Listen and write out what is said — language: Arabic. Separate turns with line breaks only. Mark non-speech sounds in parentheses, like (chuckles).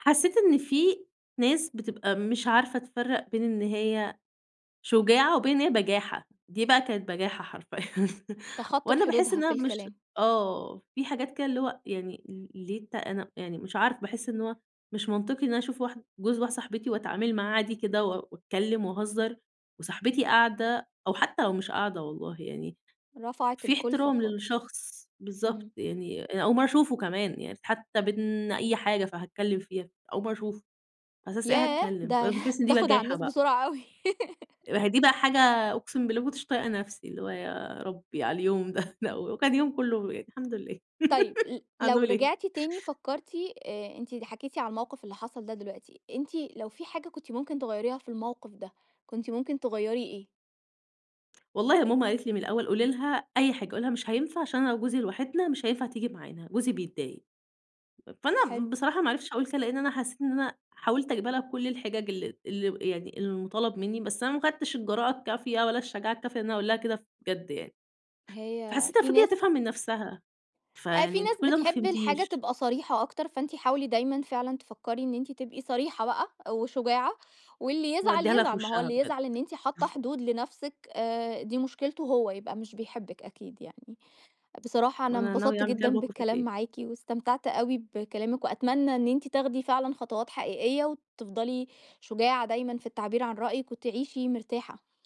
حسّيت إن في ناس بتبقى مش عارفة تفرّق بين إن هي شجاعة وبين إن هي بَجاحة، دي بقى كانت بَجاحة حرفيًا.
تخطِّت
وأنا باحِس
حدودها
إنّها
في
مش
الكلام.
آه، في حاجات كده اللي هو يعني ال ليه ت أنا يعني مش عارفة، باحِس إن هو مش منطقي إن أشوف واحد جوز واحدة صاحبتي وأتعامل معاه عادي كده و وأتكلّم وأهزّر وصاحبتي قاعدة أو حتّى لو مش قاعدة والله، يعني
رفعت
في
الكُلفَة
احترام
خالص.
للشخص، بالضبط،
إمم.
يعني أنا أول مرّة أشوفه كمان. يعني حّتى بين أي حاجة فهاتكلّم فيها، أول مرّة أشوفه، على أساس إيه
ياه!
هاتكلّم؟
ده (chuckles)
فباحِس إن دي
بتاخد على
بجاحة
الناس
بقى.
بسرعة أوي. (laughs)
أهي دي بقى حاجة أقسم بالله ما كنتش طايقة نفسي، اللي هو يا ربّي على اليوم ده، (scoffs) لأ، وكان يوم كُلّه يعني الحمد لله.
طيب،
(laughs)
ل لو
هنقول إيه؟
رجعتِ تاني فكّرتِ أ أنتِ حكيتِ على الموقف اللي حصل ده دلوقتي، أنتِ لو في حاجة كنتِ ممكن تغيّريها في الموقف ده، كنتِ ممكن تغيّري إيه؟
والله ماما قالت لي من الأول: "قولي لها أي حاجة، قولي لها مش هينفع عشان أنا وجوزي لوحدنا مش هينفع تيجي معانا، جوزي بيتضايق."
حلو.
فأنا بصراحة ما عرفتش أقول كده لإن أنا حسّيت إن أنا حاولت أجيبها لها بكل الحِجَج ال اللي يعني المُطالب منّي، بس أنا ما أخدتش الجراءة الكافية ولا الشجاعة الكافية لإن أنا أقول لها كده بجد يعني.
هي
فحسّيتها
في
المفروض
ناس
تفهم من نفسها،
أ في
فيعني أنتِ
ناس
كل ده ما
بتحب الحاجة
فهمتيش.
تبقى صريحة أكتر، فأنتِ حاولي دايمًا فعلًا تفكّري إن أنتِ تبقي صريحة بقى وشجاعة، واللي يزعل،
وأدّيها لها في
يزعل، ما هو
وشها
اللي
بجد.
يزعل إن أنتِ حاطّة
(chuckles)
حدود لنفسِك آآ دي مشكلته هو، يبقى مش بيحبِك أكيد يعني. بصراحة
ما
أنا
أنا ناوية
انبسطت
أعمل كده
جدًا
الموقف
بالكلام
التاني.
معاكِ واستمتعت أوي بكلامِك وأتمنى إن أنتِ تاخدي فعلًا خطوات حقيقية وتفضلي شجاعة دايمًا في التعبير عن رأيِك وتعيشي مرتاحة.